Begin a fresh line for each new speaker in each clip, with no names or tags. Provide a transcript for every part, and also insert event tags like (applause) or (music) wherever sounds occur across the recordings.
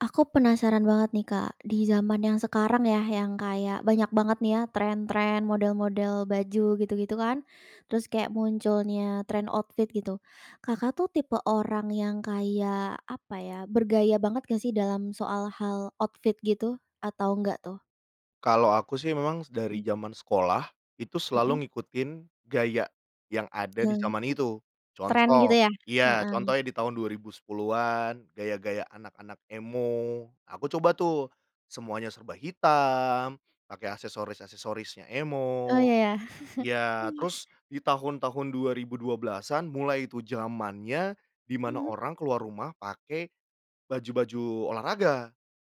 Aku penasaran banget nih Kak di zaman yang sekarang ya, yang kayak banyak banget nih ya tren-tren, model-model baju, gitu-gitu kan. Terus kayak munculnya tren outfit gitu, Kakak tuh tipe orang yang kayak apa ya, bergaya banget gak sih dalam soal hal outfit gitu, atau enggak tuh?
Kalau aku sih memang
Mmm.
dari jaman sekolah, itu
Heeh.
selalu ngikutin gaya yang ada di
Eee.
zaman itu.
Tren gitu
Contoh
ya?
iya
Heeh.
contohnya di tahun 2010-an gaya-gaya anak-anak emo. Aku coba tuh semuanya serba hitam, pakai aksesoris-aksesorisnya
Oh,
emo.
ya ya. (chuckles)
Ya terus di tahun-tahun 2012-an mulai itu jamannya di mana
Mhm.
orang keluar rumah pakai baju-baju olahraga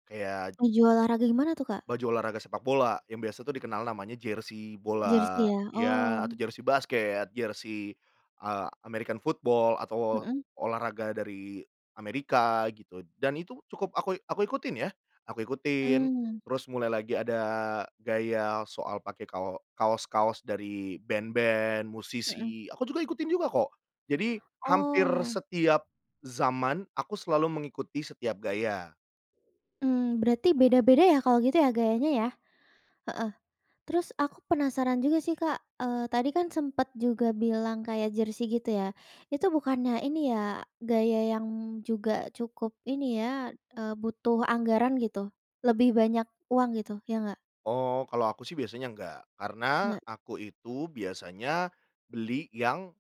kayak
Baju olahraga gimana tuh Kak?
baju olahraga sepak bola, yang biasanya tu dikenal namanya jersey
Jersey
bola
ya?
ya
Oh.
atau jersey basket, jersey, eee, American football atau
Mhm.
olahraga dari Amerika gitu, dan itu cukup aku i aku ikutin ya, aku ikutin,
Mmm.
terus mulai lagi ada gaya soal pakai kao kaos-kaos dari band-band,
Mhm.
musisi, aku juga ikutin juga kok. Jadi hampir
Oh.
setiap zaman aku selalu mengikuti setiap gaya.
Mmm, berarti beda-beda ya kalau gitu ya gayanya ya? Heeh. Terus aku penasaran juga sih Kak, eee, tadi kan sempet juga bilang kayak jersey gitu ya. Itu bukannya ini ya, gaya yang juga cukup ini ya, eee, butuh anggaran gitu, lebih banyak uang gitu, ya enggak?
Oh kalau aku sih biasanya enggak, karena
Nggak.
aku itu biasanya beli yang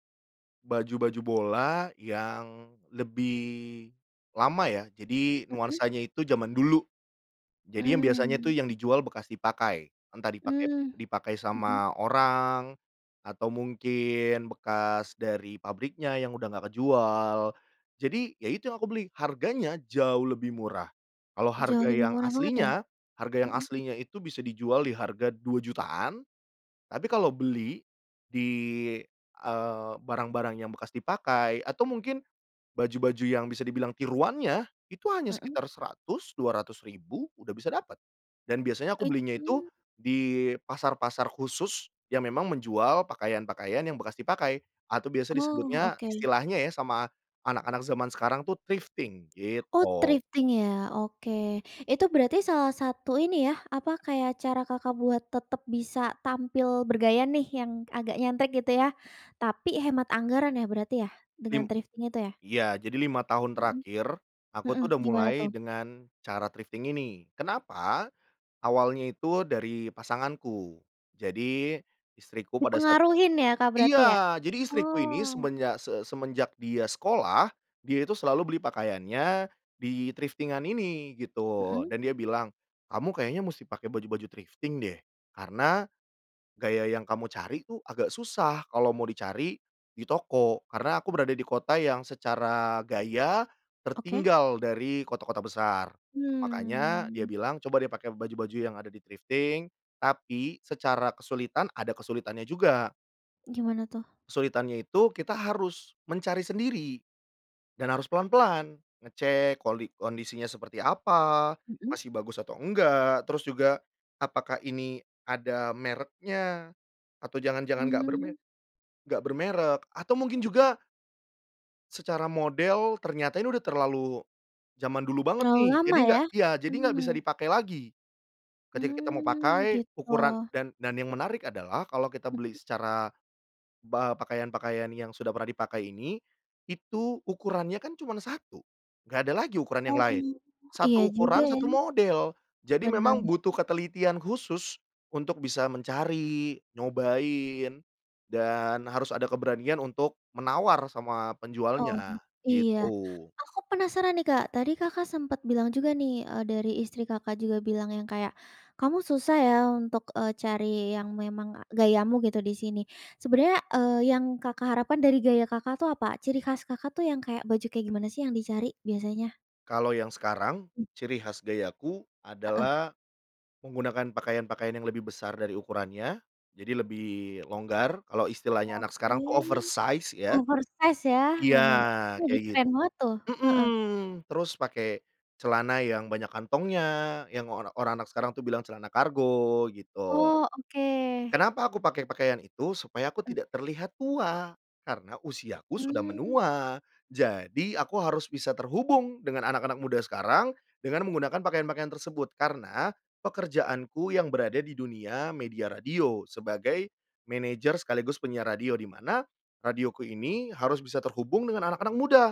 baju-baju bola yang lebih lama ya, jadi
Mhm.
nuansanya itu jaman dulu. Jadi yang biasanya tu
Mmm.
yang dijual bekas dipakai. Entah dipakai
Mmm.
dipakai
Mhm.
sama orang atau mungkin bekas dari pabriknya yang udah enggak kejual. Jadi ya itu yang aku beli. Harganya jauh lebih murah. Kalau
Jauh
harga
lebih
yang
murah banget ya?
aslinya, harga yang
Mhm.
aslinya itu bisa dijual di harga Rp2.000.000-an. Tapi kalau beli di, eee, barang-barang yang bekas dipakai atau mungkin baju-baju yang bisa dibilang tiruannya itu hanya
Mhm.
sekitar Rp100.000, Rp200.000 udah bisa dapat. Dan biasanya
Oh
aku belinya itu
itu
di pasar-pasar khusus yang memang menjual pakaian-pakaian yang bekas dipakai. Atau biasa
Oh
disebutnya,
oke.
istilahnya ya sama anak-anak zaman sekarang tuh thrifting
Oh,
gitu.
thrifting ya, oke. Itu berarti salah satu ini ya, apa, kayak cara Kakak buat tetap bisa tampil bergaya nih yang agak nyentrik gitu ya, tapi hemat anggaran ya berarti ya? Dengan
Lim
thrifting itu ya?
iya jadi 5 tahun
Mhm.
terakhir aku
Mhm,
tuh udah
gimana
mulai
tuh?
dengan cara thrifting ini, kenapa? Awalnya itu dari pasanganku, jadi istriku pada saat
Dipengaruhin ya Kak berarti ya?
iya jadi istriku ini
Oh.
semenjak se semenjak dia sekolah, dia itu selalu beli pakaiannya di thrifting-an ini gitu,
Mhm.
dan dia bilang, "Kamu kayaknya musti pakai baju-baju thrifting deh, karena gaya yang kamu cari tuh agak susah kalau mau dicari di toko." Karena aku berada di kota yang secara gaya
Oke.
tertinggal dari kota-kota besar. Makanya dia
Mmm.
bilang, "Coba deh pakai baju-baju yang ada di thrifting." Tapi secara kesulitan ada kesulitannya juga.
Gimana tuh?
Kesulitannya itu kita harus mencari sendiri dan harus pelan-pelan, ngecek koli kondisinya seperti apa?
Mhm.
Masih bagus atau enggak? Terus juga apakah ini ada mereknya, atau jangan-jangan gak berme
Mmm.
gak bermerek atau mungkin
Mhm.
juga secara model ternyata ini udah terlalu jaman dulu banget
Terlalu
nih, jadi
lama
gak
ya.
ya jadi gak bisa
Mmm.
dipakai lagi, ketika kita mau
Mmm
pakai ukuran
gitu.
dan dan yang menarik adalah kalau kita beli
Mhm.
secara pa pakaian-pakaian yang sudah pernah dipakai ini, itu ukurannya kan cuman 1, gak ada lagi ukuran yang
Oh,
lain.
iya
1
juga
ukuran,
ya.
1 model, jadi memang
Bener.
butuh ketelitian khusus untuk bisa mencari, nyobain, dan harus ada keberanian untuk menawar sama
Oh
penjualnya,
iya.
gitu.
Aku penasaran nih Kak, tadi Kakak sempat bilang juga nih, eee, dari istri Kakak juga bilang yang kayak, "Kamu susah ya untuk, eee, cari yang memang a gayamu gitu di sini." sebenarnya, eee, yang Kakak harapan dari gaya Kakak tuh apa, ciri khas Kakak tuh yang kayak baju kayak gimana sih yang dicari biasanya?
Kalau yang sekarang
Mmm.
ciri khas gayaku
Heeh.
adalah menggunakan pakaian-pakaian yang lebih besar dari ukurannya, jadi lebih longgar, kalau istilahnya anak
Oke.
sekarang tuh oversize ya.
Oversize ya,
Iya
bener bener, itu lagi
kayak git
tren banget tuh. Heeh.
mmm. Terus pakai celana yang banyak kantongnya yang ora orang anak sekarang tuh bilang celana kargo, gitu.
Oh oke.
Kenapa aku pakai pakaian itu? Supaya aku
Mhm.
tidak terlihat tua, karena usiaku sudah
Mmm.
menua, jadi aku harus bisa terhubung dengan anak-anak muda sekarang dengan menggunakan pakaian-pakaian tersebut, karena pekerjaanku yang berada di dunia media radio sebagai manajer sekaligus penyiar radio, di mana radioku ini harus bisa terhubung dengan anak-anak muda,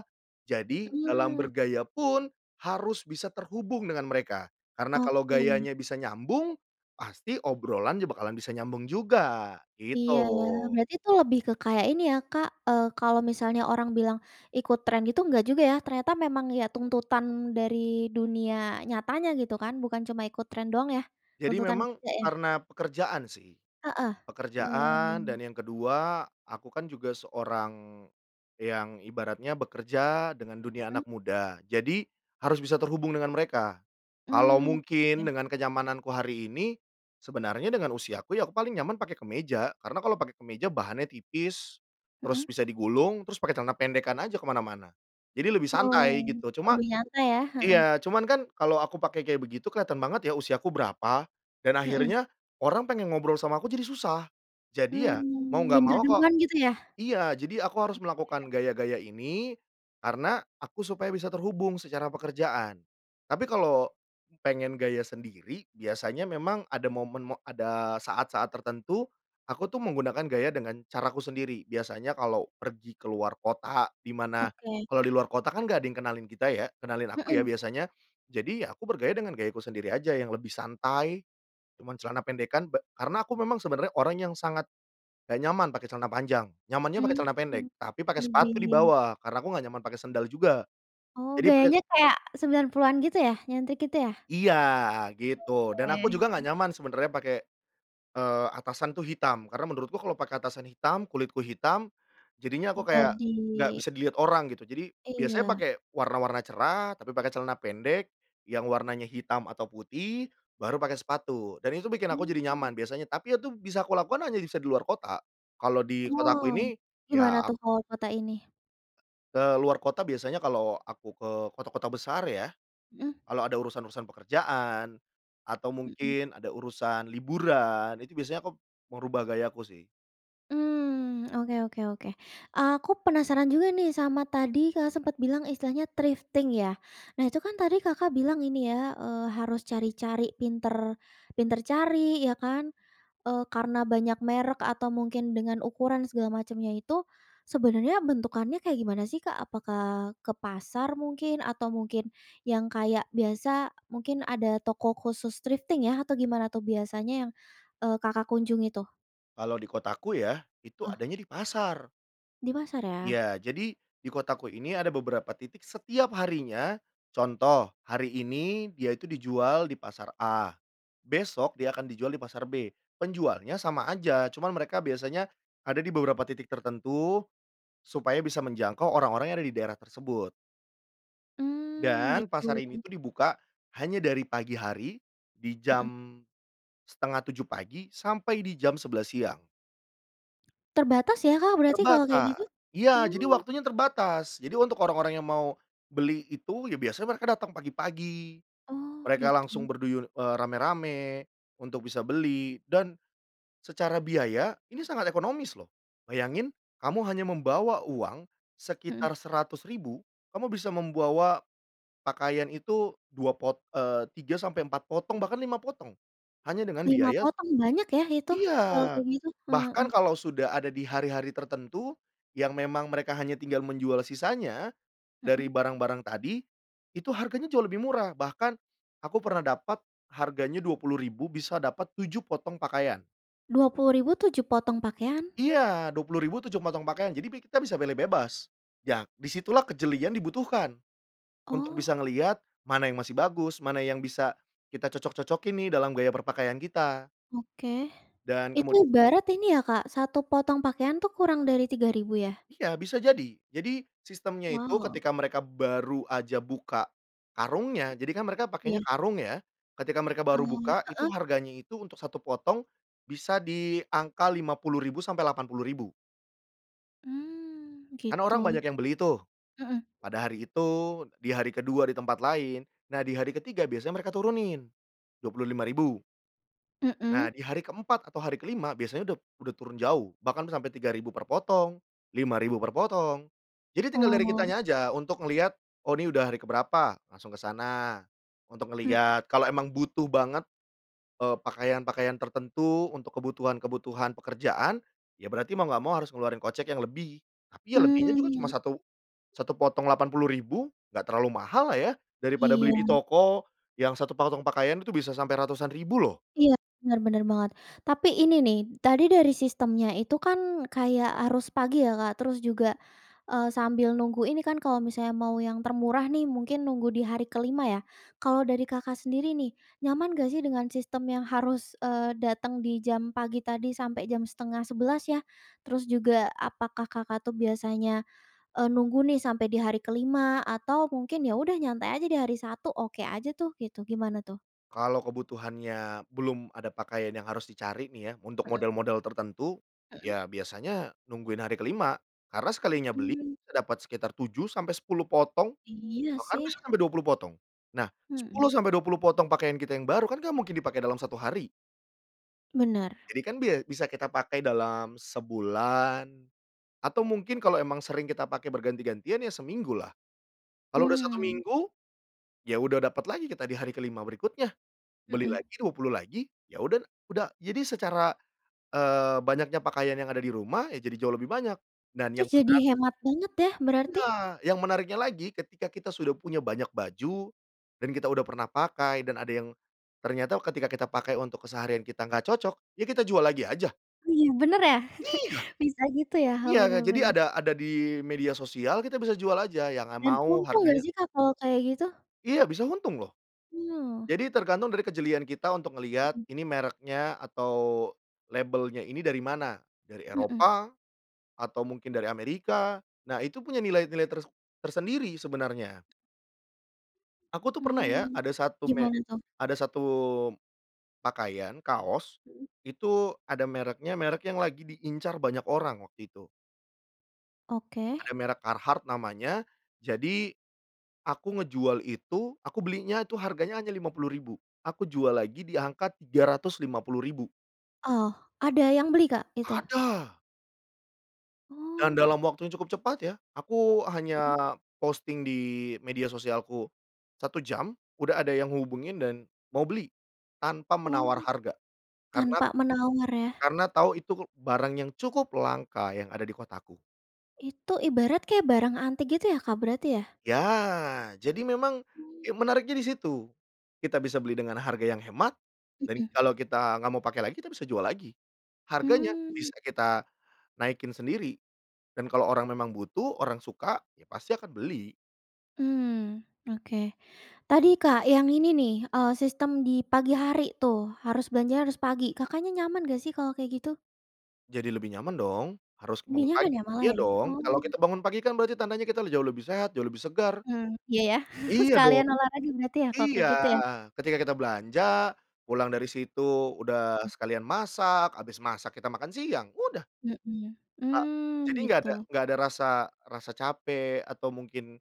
jadi dalam
Mmm.
bergaya pun harus bisa terhubung dengan mereka karena kalau
Oke.
gayanya bisa nyambung, pasti obrolannya bakalan bisa nyambung juga,
Iya ya,
gitu.
berarti tu lebih ke kayak ini ya Kak, eee, kalau misalnya orang bilang ikut tren gitu enggak juga ya, ternyata memang ya tuntutan dari dunia nyatanya gitu kan, bukan cuma ikut tren doang ya.
Jadi
Tuntutan
memang
kerja ya?
karena pekerjaan sih,
Heeh.
pekerjaan
Hmm.
dan yang ke-2 aku kan juga seorang yang ibaratnya bekerja dengan dunia
Mhm.
anak muda, jadi harus bisa terhubung dengan mereka. Kalau
Mmm,
mungkin
oke.
dengan kenyamananku hari ini, sebenarnya dengan usiaku ya aku paling nyaman pakai kemeja karena kalau pakai kemeja bahannya tipis, terus
Mhm.
bisa digulung, terus pakai celana pendekkan aja ke mana-mana, jadi lebih
Oh,
santai gitu, cuma
lebih nyantai ya. Heeh.
iya cuman kan kalau aku pakai kayak begitu kelihatan banget ya usiaku berapa, dan
Mhm.
akhirnya orang pengen ngobrol sama aku jadi susah. Jadi ya mau
Hmm,
nggak
minder
mau kok
duluan gitu ya?
iya jadi aku harus melakukan
Oke
gaya-gaya ini, karena aku supaya bisa terhubung secara pekerjaan. Tapi kalau pengen gaya sendiri biasanya memang ada momen mo ada saat-saat tertentu, aku tuh menggunakan gaya dengan caraku sendiri, biasanya kalau pergi ke luar kota di mana
Oke.
kalau di luar kota kan nggak ada yang kenalin kita ya, kenalin aku ya
Mhm.
biasanya, jadi ya aku bergaya dengan gayaku sendiri aja yang lebih santai, cuma celana pendekkan be karena aku memang sebenarnya orangnya yang sangat gak nyaman pakai celana panjang, nyamannya pakai celana pendek,
Mmm,
tapi pakai sepatu di
lebih.
bawah karena aku gak nyaman pakai sendal juga
Oh,
jadi pade
gayanya kayak 90-an gitu ya, nyentrik gitu ya?
Iya gitu, dan aku
Oke.
juga nggak nyaman sebenarnya pake, eee, atasan tuh hitam, karena menurutku kalau pakai atasan hitam, kulitku hitam, jadinya aku kayak nggak
Jadi
bisa dilihat orang gitu, jadi biasanya
Iya.
pakai warna-warna cerah, tapi pakai celana pendek yang warnanya hitam atau putih, baru pakai sepatu, dan itu bikin aku jadi
Mmm.
nyaman biasanya, tapi itu bisa kulakukan hanya bisa di luar kota, kalau di kotaku
Oh.
ini
Gimana
ya ak
tuh kalo kota ini?
Ke luar kota biasanya kalau aku ke kota-kota besar ya,
Mhm.
kalau ada urusan-urusan pekerjaan atau
Mhm.
mungkin ada urusan liburan, itu biasanya aku merubah gayaku sih.
Mmm, oke oke oke. Aku penasaran juga nih sama tadi Kakak sempat bilang istilahnya thrifting ya. Nah itu kan tadi Kakak bilang ini ya, eee, harus cari-cari pintar pintar cari ya kan, eee, karena banyak merek atau mungkin dengan ukuran segala macamnya itu, sebenarnya bentukannya kayak gimana sih Kak? Apakah ke pasar mungkin atau mungkin yang kayak biasa mungkin ada toko khusus thrifting ya atau gimana tuh biasanya yang, eee, Kakak kunjungi tuh?
Kalau di kotaku ya itu
Ah.
adanya di pasar.
Di pasar ya.
Iya, jadi di kotaku ini ada beberapa titik setiap harinya. Contoh hari ini dia itu dijual di pasar A, besok dia akan dijual di pasar B. Penjualnya sama aja cuman mereka biasanya ada di beberapa titik tertentu supaya bisa menjangkau orang-orang yang ada di daerah tersebut.
Mmm,
Dan
gitu.
pasar ini tuh dibuka hanya dari pagi hari di
Mhm.
jam 6:30 pagi sampai di jam 11:00 siang.
Terbatas ya Kak berarti kalau kayak
Terbata
gitu.
iya, jadi
Mmm.
waktunya terbatas. Jadi untuk orang-orang yang mau beli itu ya biasanya mereka datang pagi-pagi,
Oh,
mereka langsung
gitu.
berduyur, eee, ramai-ramai untuk bisa beli dan secara biaya ini sangat ekonomis loh. Bayangin kamu hanya membawa uang
Mhm.
sekitar Rp100.000 kamu bisa membawa pakaian itu 2 pot eee, 3 sampai 4 potong bahkan 5 potong hanya dengan
5
biaya
potong banyak ya itu, kalau
Iya,
kayak gitu. Heeh.
bahkan kalau sudah ada di hari-hari tertentu yang memang mereka hanya tinggal menjual sisanya
Mhm.
dari barang-barang tadi, itu harganya jauh lebih murah. Bahkan aku pernah dapat harganya Rp20.000 bisa dapat 7 potong pakaian.
Rp20.000, 7 potong pakaian?
Iya, Rp20.000 7 potong pakaian jadi pi kita bisa pilih bebas. Ya di situlah kejelian dibutuhkan. Untuk
Oh.
bisa ngeliat mana yang masih bagus, mana yang bisa kita cocok-cocokin nih dalam gaya berpakaian kita.
Oke.
Dan
Itu
kemud
ibarat ini ya Kak 1 potong pakaian tuh kurang dari Rp3.000 ya?
Iya, bisa jadi. Jadi sistemnya itu
Wow.
ketika mereka baru aja buka karungnya jadikan mereka
Iya.
pakainya karung ya, ketika mereka baru
Oh,
buka itu
heeh.
harganya itu untuk 1 potong bisa di angka Rp50.000 sampai Rp80.000.
Mmm,
Karena orang
gitu.
banyak yang beli tuh.
Mhm.
Pada hari itu, di hari ke-2 di tempat lain, nah di hari ke-3 biasanya mereka turunin. Rp25.000.
Mhm.
Nah, di hari ke-4 atau hari ke-5 biasanya udop udah turun jauh bahkan sampai Rp3.000 per potong, Rp5.000 per potong. Jadi tinggal dari
Oh.
kitanya aja untuk ngelihat, "Oh, ini udah hari ke berapa." Langsung ke sana untuk
Mhm.
ngelihat. Kalau emang butuh banget, eee, pakaian-pakaian tertentu untuk kebutuhan-kebutuhan pekerjaan ya berarti mau nggak mau harus ngeluarin kocek yang lebih. Tapi ya lebihnya juga cuma
Mmm.
satu satu potong Rp80.000 gak terlalu mahal lah ya daripada beli di
Iya.
toko yang 1 potong pakaian itu bisa sampai ratusan ribu loh.
Iya, benar benar banget. Tapi ini nih tadi dari sistemnya itu kan kayak harus pagi ya Kak terus juga, eee, sambil nunggu ini kan kalau misalnya mau yang termurah nih mungkin nunggu di hari ke-5 ya, kalau dari Kakak sendiri nih nyaman gak sih dengan sistem yang harus, eee, datang di jam pagi tadi sampai jam 10:30 ya? Terus juga apakah Kakak tuh biasanya, eee, nunggu nih sampai di hari ke-5 atau mungkin ya udah nyantai aja di hari 1 oke aja tuh gitu? Gimana tuh?
Kalau kebutuhannya belum ada pakaian yang harus dicari nih ya untuk
Heeh.
model-model tertentu,
Heeh.
ya biasanya nungguin hari ke-5. Karena sekalinya beli
Mmm.
bisa dapat sekitar 7 sampai 10 potong
Iya
bahkan
sih.
bisa sampai 20 potong. Nah,
Mhm.
10 sampai 20 potong pakaian kita yang baru kan gak mungkin dipakai dalam satu hari.
Benar.
Jadi kan bia bisa kita pakai dalam sebulan atau mungkin kalau emang sering kita pakai berganti-gantian ya seminggu lah. Kalau udah 1
Hmm.
minggu, ya udah dapat lagi kita di hari ke-5 berikutnya. Beli
Mhm.
lagi 20 lagi ya uda udah. Jadi secara, eee, banyaknya pakaian yang ada di rumah ya jadi jauh lebih banyak dan yang
Terus
menar
jadi hemat banget ya berarti.
Nah, yang menariknya lagi ketika kita sudah punya banyak baju dan kita udah pernah pakai dan ada yang ternyata ketika kita pakai untuk keseharian kita gak cocok, ya kita jual lagi aja.
Wih benar ya,
Iya.
(chuckles) bisa gitu ya. He
Iya ga
benar
jadi
benar.
ada ada di media sosial kita bisa jual aja yang a
Dan
mau
untung gak
harganya
sih Kak kalau kayak gitu?
Iya, bisa untung loh.
Oh.
Jadi tergantung dari kejelian kita untuk ngelihat
Mhm.
ini mereknya atau labelnya ini dari mana? Dari
Mhm.
Eropa, atau mungkin dari Amerika. Nah itu punya nilai-nilai ters tersendiri sebenarnya. Aku tuh pernah ya
Mmm,
ada 1 me
gimana tuh?
ada 1 pakaian kaos,
Mhm.
itu ada mereknya merek yang lagi diincar banyak orang waktu itu.
Oke.
Ada merek Carhartt namanya, jadi aku ngejual itu aku belinya itu harganya hanya Rp50.000. Aku jual lagi diangka Rp350.000.
Oh, ada yang beli Kak itu?
Ada. Dan
Oh.
dalam waktu yang cukup cepat ya, aku
Mhm.
hanya posting di media sosialku, 1 jam udah ada yang ngehubungin dan mau beli tanpa
Oh,
menawar harga. Karena
tanpa menawar ya.
karena tahu itu barang yang cukup langka yang ada di kotaku.
Itu ibarat kayak barang antik gitu ya Kak berarti ya?
Ya, jadi memang
Mmm.
ya menariknya di situ, kita bisa beli dengan harga yang hemat dan
Mhm.
kalau kita gak mau pakai lagi kita bisa jual lagi. Harganya
Mmm.
bisa kita naikin sendiri dan kalau orang memang butuh, orang suka, ya pasti akan beli.
Mmm, oke. Tadi Kak yang ini nih, eee, sistem di pagi hari tuh harus belanja harus pagi. Kakaknya nyaman gak sih kalau kayak gitu?
Jadi lebih nyaman dong, harus
Lebih
bangun
nyaman
pagi.
ya malah
Iya
ya,
dong kalau
oh.
kita bangun pagi kan berarti tandanya kita le jauh lebih sehat, jauh lebih segar.
Mmm, iya, ya. (chuckles)
Iya dong,
Sekalian olahraga berarti ya kalau
iya,
kayak gitu ya.
ketika kita belanja, pulang dari situ udah sekalian masak, habis masak kita makan siang, udah.
Mhm,
Ha
mmm,
jadi enggak ada
gitu.
enggak ada rasa rasa capek atau mungkin,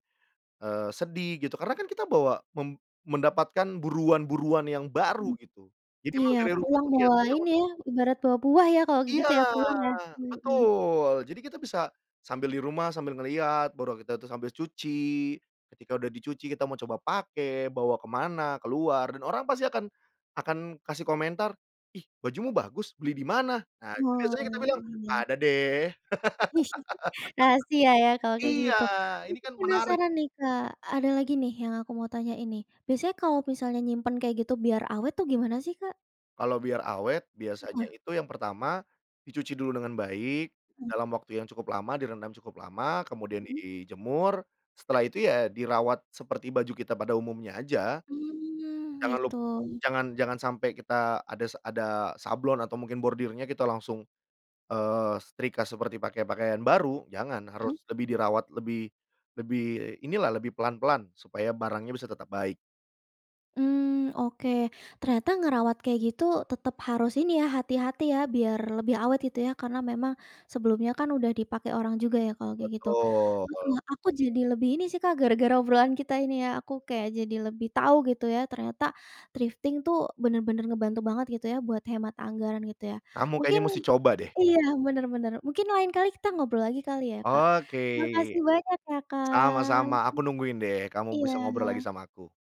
eee, sedih gitu karena kan kita bawa mem mendapatkan buruan-buruan yang baru
Mhm.
gitu. Jadi emang
Iya,
dari rumah
pulang
tuh
bawa
kelihatannya un
ini ya ibarat bawa buah ya kalau kayak
Iya,
gitu ya pulang ya. Mhm.
betul, jadi kita bisa sambil di rumah sambil ngeliat, baru kita tuh sambil cuci, ketika udah dicuci kita mau coba pakai bawa ke mana keluar dan orang pasti akan akan kasih komentar, "Ih bajumu bagus beli di mana?" Nah itu
Oh,
biasanya kita bilang,
iya.
"Ada deh." (laughs)
(chuckles) Rahasia ya kalau kayak
Iya,
gitu.
ini
Aku
kan menarik.
penasaran nih Kak ada lagi nih yang aku mau tanyain nih, biasanya kalau misalnya nyimpen kayak gitu biar awet tuh gimana sih Kak?
Kalau biar awet
Heeh.
biasanya itu yang pertama dicuci dulu dengan baik
Mhm.
dalam waktu yang cukup lama direndam cukup lama, kemudian
Mhm.
dijemur, setelah itu ya dirawat seperti baju kita pada umumnya aja.
Mmm,
Jangan lup
gitu.
jangan jangan sampai kita adas ada sablon atau mungkin bordirnya kita langsung, eee, setrika seperti pakai pakaian baru, jangan harus
Mhm.
lebih dirawat lebih lebih inilah lebih pelan-pelan supaya barangnya bisa tetap baik.
Mmm, oke. Ternyata ngerawat kayak gitu tetap harus ini ya hati-hati ya biar lebih awet gitu ya karena memang sebelumnya kan udah dipakai orang juga ya kalau kayak gitu.
Betul.
Heeh, aku jadi lebih ini sih Kak gara-gara obrolan kita ini ya aku kayak jadi lebih tahu gitu ya ternyata thrifting tuh benar-benar ngebantu banget gitu ya buat hemat anggaran gitu ya.
Kamu
Mungkin
kayaknya mesti coba deh.
iya, benar-benar mungkin lain kali kita ngobrol lagi kali ya Kak.
Oke.
Makasih banyak ya Kak.
Sama-sama aku nungguin deh kamu bisa ngobrol lagi
Iya.
sama aku.